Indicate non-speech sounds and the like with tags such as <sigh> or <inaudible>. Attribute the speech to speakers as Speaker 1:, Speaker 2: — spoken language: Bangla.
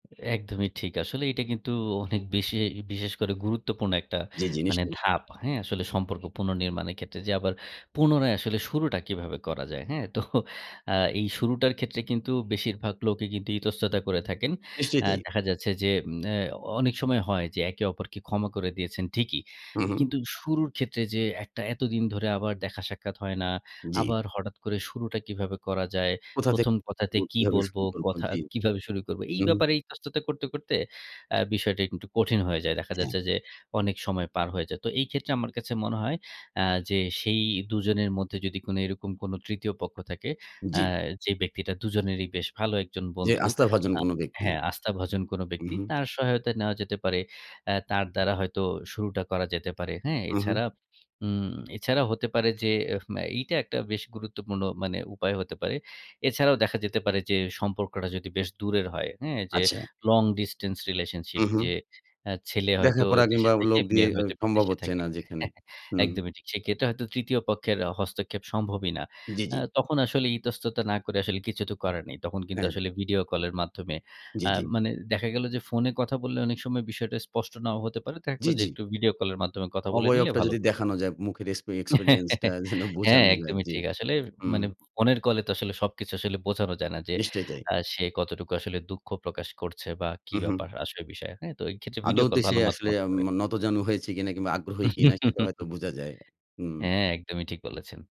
Speaker 1: একদমই ঠিক। আসলে এটা কিন্তু অনেক বেশি বিশেষ করে গুরুত্বপূর্ণ একটা
Speaker 2: জি, জি
Speaker 1: মানে
Speaker 2: নিশ্চয়ই।
Speaker 1: ধাপ, হ্যাঁ? আসলে সম্পর্ক পুনর্নির্মাণের ক্ষেত্রে যে, আবার পুনরায় আসলে শুরুটা কীভাবে করা যায়, হ্যাঁ? তো আ এই শুরুটার ক্ষেত্রে কিন্তু বেশিরভাগ লোকই কিন্তু ইতস্ততা করে থাকেন।
Speaker 2: নিশ্চয়ই
Speaker 1: অ্যা
Speaker 2: তাই।
Speaker 1: দেখা যাচ্ছে যে, উম অ্যা অনেক সময় হয় যে একে অপরকে ক্ষমা করে দিয়েছেন ঠিকই।
Speaker 2: হু,
Speaker 1: এ
Speaker 2: হু।
Speaker 1: কিন্তু শুরুর ক্ষেত্রে যেয়ে একটা এতদিন ধরে আবার দেখা সাক্ষাৎ হয় না,
Speaker 2: জি।
Speaker 1: আবার হঠাৎ করে শুরুটা কীভাবে করা যায়?
Speaker 2: কোথা থেকে
Speaker 1: প্রথম কথাতে
Speaker 2: করব
Speaker 1: কী
Speaker 2: কিভাবে
Speaker 1: বলবো,
Speaker 2: শুরু করব?
Speaker 1: কথা
Speaker 2: জি,
Speaker 1: কিভাবে শুরু করবো? এই
Speaker 2: উহুম।
Speaker 1: ব্যাপারে ইতস্ততা করতে করতে অ্যা বিষয়টা একটু কঠিন হয়ে যায়। দেখা
Speaker 2: হ্যাঁ।
Speaker 1: যাচ্ছে যে অনেক সময় পার হয়ে যায়। তো এই ক্ষেত্রে আমার কাছে মনে হয় অ্যা যে সেই দুজনের মধ্যে যদি কোনো এরকম কোন তৃতীয় পক্ষ থাকে, আ
Speaker 2: জি।
Speaker 1: যে ব্যক্তিটা দুজনেরই বেশ ভালো একজন
Speaker 2: যে
Speaker 1: বন্ধু।
Speaker 2: আস্থাভাজন
Speaker 1: আ
Speaker 2: কোন ব্যক্তি।
Speaker 1: হ্যাঁ আস্থাভাজন কোন
Speaker 2: উ
Speaker 1: ব্যক্তি,
Speaker 2: হু।
Speaker 1: তার সহায়তা নেওয়া যেতে পারে। অ্যা তার দ্বারা হয়তো শুরুটা করা যেতে পারে, হ্যাঁ?
Speaker 2: হু, হু।
Speaker 1: এছাড়া উম এছাড়াও হতে পারে যে এহ ম এইটা একটা বেশ গুরুত্বপূর্ণ মানে উপায় হতে পারে। এছাড়াও দেখা যেতে পারে যে সম্পর্কটা যদি বেশ দূরের হয়, হ্যাঁ, যে
Speaker 2: আচ্ছা।
Speaker 1: long distance relationship।
Speaker 2: হু, হু।
Speaker 1: যে অ্যা ছেলে
Speaker 2: দেখা
Speaker 1: হয়তো
Speaker 2: করা
Speaker 1: দেশে
Speaker 2: কিংবা
Speaker 1: থাকে
Speaker 2: লোক দিয়ে
Speaker 1: মেয়ে
Speaker 2: এ
Speaker 1: হয়তো
Speaker 2: সম্ভব
Speaker 1: বিদেশে
Speaker 2: হচ্ছে
Speaker 1: থাকে।
Speaker 2: না যেখানে।
Speaker 1: হ্যাঁ।
Speaker 2: হুম।
Speaker 1: একদমই ঠিক। সেক্ষেত্রে হয়তো তৃতীয় পক্ষের হস্তক্ষেপ সম্ভবই না।
Speaker 2: জি,
Speaker 1: আ
Speaker 2: জি।
Speaker 1: তখন আসলে ইতস্ততা না করে আসলে কিছু তো করার নেই। তখন কিন্তু
Speaker 2: হ্যাঁ।
Speaker 1: আসলে ভিডিও কলের মাধ্যমে
Speaker 2: জি,
Speaker 1: আ
Speaker 2: জি।
Speaker 1: মানে দেখা গেল যে ফোনে কথা বললে অনেক সময় বিষয়টা স্পষ্ট নাও হতে পারে। দেখা গেল
Speaker 2: জি,
Speaker 1: যে
Speaker 2: জি।
Speaker 1: একটু ভিডিও কল এর মাধ্যমে কথা বলে নিলে
Speaker 2: অবয়বটা
Speaker 1: ভালো
Speaker 2: যদি
Speaker 1: হতে পারে।
Speaker 2: দেখানো যায় মুখের এক্সপে এক্সপেরিয়েন্স টা
Speaker 1: <laughs>
Speaker 2: যেন
Speaker 1: হ্যাঁ,
Speaker 2: বোঝানো যায়
Speaker 1: একদমই
Speaker 2: জি।
Speaker 1: ঠিক। আসলে
Speaker 2: হুম।
Speaker 1: মানে ফোনের কলে তো আসলে সবকিছু আসলে বোঝানো যায় না যে।
Speaker 2: নিশ্চয়ই তাই।
Speaker 1: আ সে কতটুকু আসলে দুঃখ প্রকাশ করছে বা কি
Speaker 2: উ হু।
Speaker 1: ব্যাপার আসল বিষয়ে, হ্যাঁ? তো এইক্ষেত্রে ভিডিও কল
Speaker 2: আদৌতে সে
Speaker 1: ভালো মাধ্যম
Speaker 2: আসলে
Speaker 1: হতে পারে।
Speaker 2: উম নতজানু হয়েছে কিনা কিংবা আগ্রহী কিনা সেটা হয়তো
Speaker 1: <laughs>
Speaker 2: বুঝা যায়। হুম।
Speaker 1: হ্যাঁ, একদমই ঠিক বলেছেন।